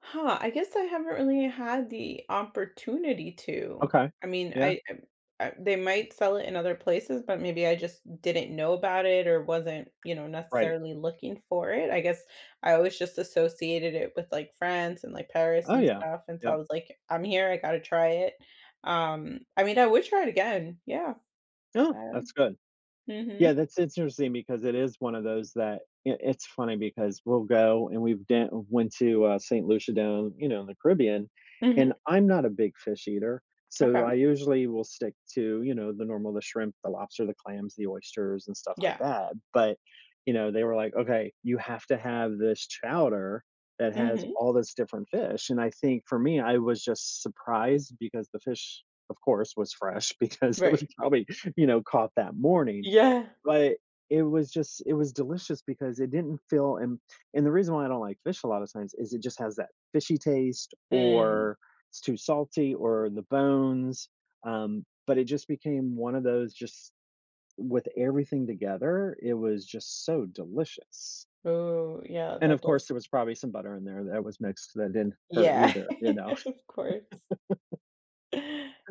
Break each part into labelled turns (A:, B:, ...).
A: Huh, I guess I haven't really had the opportunity to,
B: Okay,
A: I mean,
B: yeah.
A: I, um, uh they might sell it in other places, but maybe I just didn't know about it, or wasn't, you know,
B: Right.
A: necessarily looking for it, I guess, I always just associated it with, like, France, and, like, Paris,
B: Oh,
A: and
B: yeah,
A: stuff, and so, I
B: yep.
A: was like, "I'm here, I gotta try it." Um, I mean, I would try it again, yeah,
B: Oh,
A: I, um
B: that's good, yeah,
A: mhm.
B: that's interesting, because it is one of those that it it's funny, because we'll go, and we've do went to, uh, Saint Lucia down, you know, in the Caribbean,
A: Mhm.
B: and I'm not a big fish eater, so, I
A: Okay.
B: usually will stick to, you know, the normal the shrimp, the lobster, the clams, the oysters, and, stuff like
A: Yeah.
B: that, but, you know, they were like, "Okay, you have to have this chowder that has
A: Mhm.
B: all this different fish," and I think, for me, I was just surprised, because the fish, of course, was fresh, because it was
A: Right.
B: probably, you know, caught that morning,
A: Yeah.
B: but it was just it was delicious, because it didn't feel and and the reason why I don't like fish a lotta times is it just has that fishy taste,
A: Mm.
B: or it's too salty, or the bones, um, but it just became one of those just with everything together, it was just so delicious.
A: Ooh, yeah,
B: And, of
A: that
B: course,
A: does
B: there was probably some butter in there that was mixed that didn't hurt
A: Yeah,
B: either, you know.
A: of course.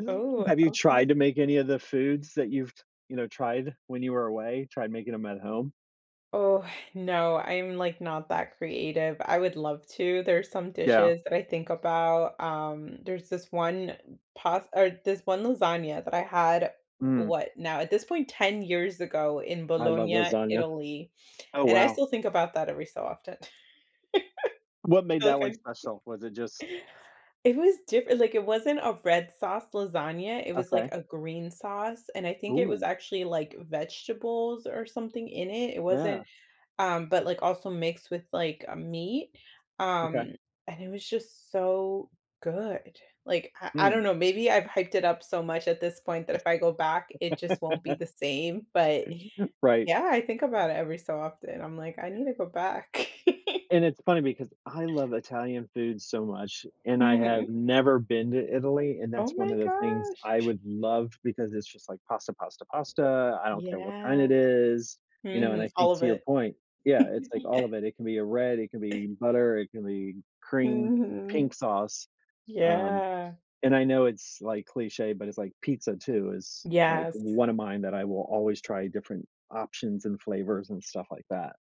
A: Oh,
B: Have you
A: okay.
B: tried to make any of the foods that you've t you know, tried when you were away, tried making 'em at home?
A: Oh, no, I'm, like, not that creative, I would love to, there's some
B: Yeah.
A: dishes that I think about, um, there's this one past or this one lasagna that I had,
B: Mm.
A: what Now, at this point, 10 years ago, in
B: I love
A: Bologna,
B: lasagna,
A: Italy,
B: oh,
A: and, I
B: wow.
A: still think about that every so often.
B: What made
A: feel like
B: that
A: I
B: one special? Was it just
A: It was differ like, it wasn't a red sauce lasagna, it was, like,
B: Okay.
A: a green sauce, and I think it was
B: Ooh.
A: actually, like, vegetables or something in it, It wasn't
B: Yeah.
A: um, but, like, also mixed with, like, a meat,
B: Okay.
A: um, and it was just so good, like, I I
B: Mm.
A: don't know, maybe I've hyped it up so much at this point that if I go back, it just won't be the same,
B: [unintelligible]
A: but
B: Right.
A: yeah, I think about it every so often. I'm like, "I need to go back."
B: And, it's funny, because I love Italian food so much, and I have
A: Mhm.
B: never been to Italy, and that's
A: Oh
B: one
A: my
B: of the things
A: gosh!
B: I would love, because it's just like pasta, pasta, pasta, I don't care what kind
A: Yeah,
B: it is, you know, and,
A: mhm,
B: I
A: all
B: think
A: of
B: to your
A: it.
B: point yeah, it's like
A: Yeah.
B: all of it it can be a red, it can be butter, it can be cream, pink
A: Mhm,
B: sauce, um,
A: yeah.
B: and I know it's, like, cliché, but it's, like, pizza, too, is, like,
A: Yes.
B: one of mine that I will always try different options, and flavors, and stuff like that.